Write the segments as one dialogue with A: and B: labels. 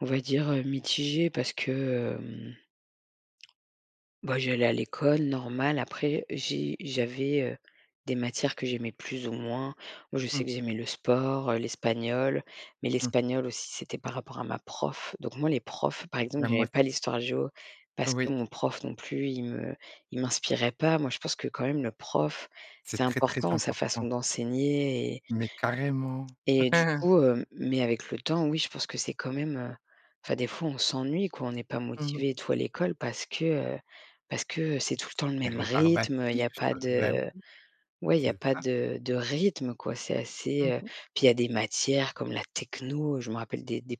A: On va dire, heu, mitigé parce que, hem bah, j'allais à l'école normal, après j'ai j'avais, heu, des matières que j'aimais plus ou moins. Moi je
B: Mmh.
A: sais que j'aimais le sport, heu, l'espagnol. Mais
B: Mmh mh.
A: l'espagnol aussi, c'était par rapport à ma prof. Donc moi, les profs, par exemple,
B: Bah moi
A: j'aimais
B: s
A: pas l'histoire géo parce
B: Heu,
A: que
B: oui.
A: mon prof non plus, il me il m'inspirait pas. Moi, je pense que quand même, le prof,
B: C'est
A: c'est
B: très, très
A: important sa
B: important.
A: façon d'enseigner et
B: Mais carrément!
A: et du coup hem, mais avec le temps, oui, je pense que c'est quand même, heu, enfin, des fois, on s'ennuie quoi, on n'est pas
B: Mmh mh.
A: motivés et tout à l'école. Parce que, heu, parce que c'est tout le temps le même rythme, il
B: Rébarbatif,
A: y a pas
B: bah
A: de
B: oui.
A: oui, il y a
B: C'est
A: pas
B: ça.
A: de de rythme quoi. C'est assez,
B: Mmh
A: heu
B: mh.
A: puis il y a des matières comme la techno, heu, je me rappelle des des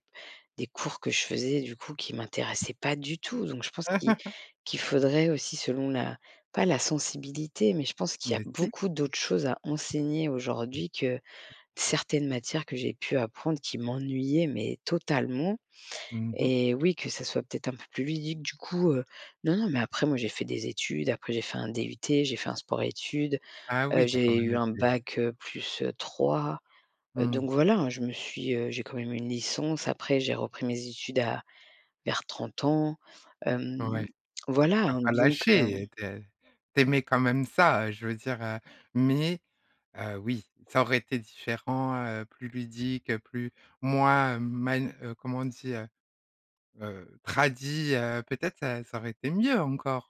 A: des cours que je faisais du coup, qui
B: Eh.
A: m'intéressaient pas du tout. Donc je pense qu'il qu'il faudrait aussi, selon la pas la sensibilité. Mais je pense qu'il y a
B: Mais si.
A: beaucoup d'autres choses à enseigner
B: Mmh.
A: aujourd'hui, que
B: Mmh.
A: certaines matières que j'ai pu apprendre qui m'ennuyaient, mais totalement
B: Mmh mh.
A: et oui, que ça soit peut-être un peu plus ludique du coup,
B: Mmh.
A: heu, non, non, mais après moi j'ai fait des études, après j'ai fait un DUT, j'ai fait un sport études,
B: Ah oui,
A: heu,
B: tu as quand
A: j'ai
B: même
A: eu un
B: été
A: bac, heu, +3, heu,
B: Mmh.
A: donc voilà, je me suis, heu, j'ai quand même une licence. Après j'ai repris mes études à vers 30 ans, hem,
B: Ouais, tu
A: voilà,
B: as
A: hein,
B: pas
A: donc hem
B: lâché, tu ai tu aimais quand même ça, heu, je veux dire, heu, mais, heu, oui, ça aurait été différent heu, plus ludique, heu plus moins, hem man heu, comment on dit? Heu heu, tradi heu, peut-être, heu, ça ça aurait été mieux encore?